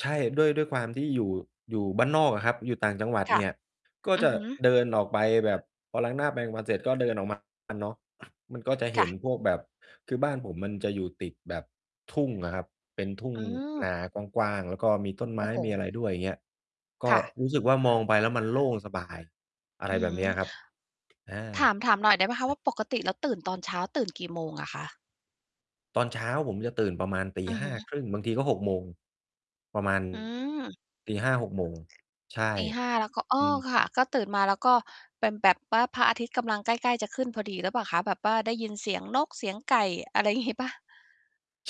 ใช่ ด้วย ด้วยความที่อยู่ อยู่บ้านนอกอะครับ อยู่ต่างจังหวัดค่เะ นี่ย ก็อืจอะฮึ เดินออกไปแบบ พอล้างหน้าแปรงฟันเสร็จก็เดินออก มา เนาะ มันก็จะเคห่็นะ พวกแบบ คือบ้านผมมันจะอยู่ติดแบบทุ่งอะครับ เป็นทุ่งอืนม ากว้างๆ แล้วก็มีต้นไโมอ้้โฮ มีอะไรด้วย อย่างเงี้ย กค็่ะ รู้สึกว่า มองไปแล้วมันโล่ง สบาย อะอไรืแบบเนี้ยม ครับ อา ถาม ถามหน่อย ได้เปล่าคะใชว่ ่า ปกติแล้วตื่นตอนเช้าตื่น กี่โมงอะคะ? ตอนเช้าผมจะตื่นประมาณ ตีอือหฮ้าึ ครึ่ง บางทีก็ 6:00 โมง ประ มาณ อืม 5:00 6:00 โมง ใช่ 5:00 แล้วก็ อ๋ออ ืม ค่ะ ก็ตื่นมาแล้วก็เป็นแบบว่า พระอาทิตย์กำลัง ใกล้ ๆ จะขึ้นพอดีหรือเปล่าคะ? แบบป้าได้ยินเสียงนกเสียงไก่ อะไร งี้ เปล่า?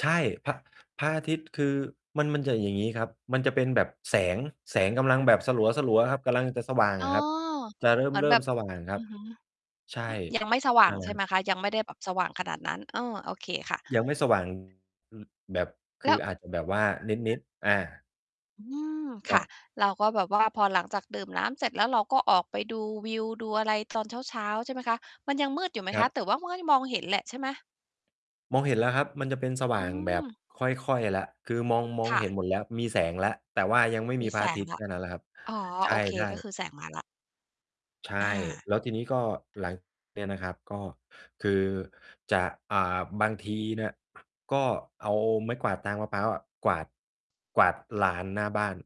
ใช่ พระ พระอาทิตย์ คือมัน มันจะอย่างงี้ครับ มันจะเป็นแบบ แสง แสงกำลังแบบสลัว ๆ ครับ กำลัง จะสว่างอ๋อ อะครับ จะเเหมือนริ่แบม บ ๆ สว่างครอัืบ อฮึ ใช่ อ ยังไม่สว่านัง ่นแหลใชะ่ครไัหบ มคะ ยังไม่ได้แบบสว่างขนาดนั้น เออ โอเคค่ะ ยังไม่ สว่าง อือ แบบ คแลือ้ว อาจจะแบบว่านิด ๆ อา อืม คคร่ัะ บ เราก็แบบว่า พอหลังจากดื่มน้ำเสร็จ แล้วเราก็ออกไปดูวิวดูอะไร ตอนเช้า ๆ ใช่ไหมคะ มันยังมืดอยู่ไหมคครัะ? บ แต่ว่า มันยังมองเห็นแหละใช่ไหม? มองเห็นแล้วครับมันจะเป็นสวอ่ืางแบบม ค่อย ๆ แล้ว คือมอง มองค่เห็น ะ หมดแล้วมีแสงแล้ว แต่ว่ายังไม่มมีีพรแสะอาทงิตยแล์้แว ค่นั้นแหละครับ อ๋อ ใชโอเค ่ ก็ๆ คือแสงมาแล้ว ใช่ อา แล้วทีนี้ก็หลัง เนี่ยนะครับ ก็คือจะ อ่า บางทีเนี่ย ก็เอาไม้กวาดตาง มะพร้าวอะ กวาด กวาดลานหน้าบ้าน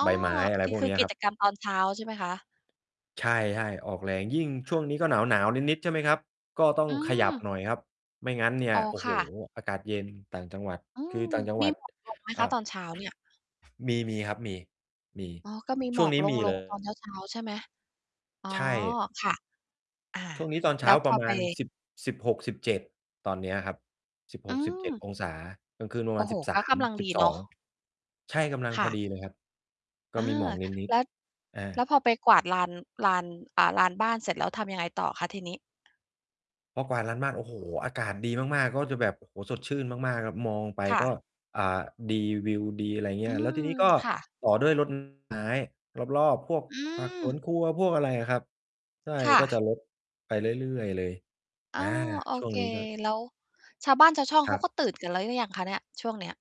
อ้อ ใบไม้ อะไรพวกคเืนอ ี้ยกคิรับ จกรรมตอนเช้าใช่ไหมคะ? ใช่ ๆ ออกแรง ยิ่งช่วงนี้ก็หนาว ๆ นิด ๆ ใช่ไหมครับ ก็ต้อองืขยับม หน่อยครับ ไม่งั้นเนี่ย อ๋อ โอ้คโฮ ่ะ อากาศ เย็น ต่างจังหวัด อืคืม อต่างจังหมวี ัด หมอกลง ไหมอค่ะ? า ตอนเช้า เนี่ย มี ๆ ครับ มี มี อ๋อ ก็มีชหม่วองกนี้ลมง ี ลเลงตอนย เช้า ๆ ใช่ไหม? อ๋อ ใช่ ค่ะ อ่า ช่วงนี้ตอนเแชล้้าวพปรอะมไป าณ 10 16-17 ตอนเนี้ยครับ สิบอหืกสิบเจ็ดม องศา กลางคืนประโอมา้ณ โฮ สิบสก็ากม ำลังสิดีบสเนอาะ ง ใช่ กำลังคพ่อะ ดีเลยครับ กอ็า มีหมอกนิแด ล้ว ๆ อา แล้วพอไปกวาดลาน ลาน อ่า ลานบ้านเสร็จแล้วทำยังไงต่อคะทีนี้? พอกวาดลานบ้าน โอ้โฮ อากาศดีมาก ๆ ก็จะแบบ โอ้โฮ สดชื่นมาก ๆ ครับ มองไปค่ก็ ะ อ่า ดี วิวดี อะไรอย่างเงอีื้ย แล้วทม ีนี้ก็ค่ะ ต่อด้วย รดน้ำ ต้นไม้รอบ ๆ พวกอืผักสวม นครัว พวกอะไรอะครับ ใช่ ค่ก็ะ จะรดไปเรื่อย ๆ เลย อ๋อ่อ า โอช่วเงค นี้ก็ แล้วชาวบ้านชาวช่องเคขราับ ก็ตื่นกันแล้วหรือยังคะเนี่ย? ช่วงเนี้ย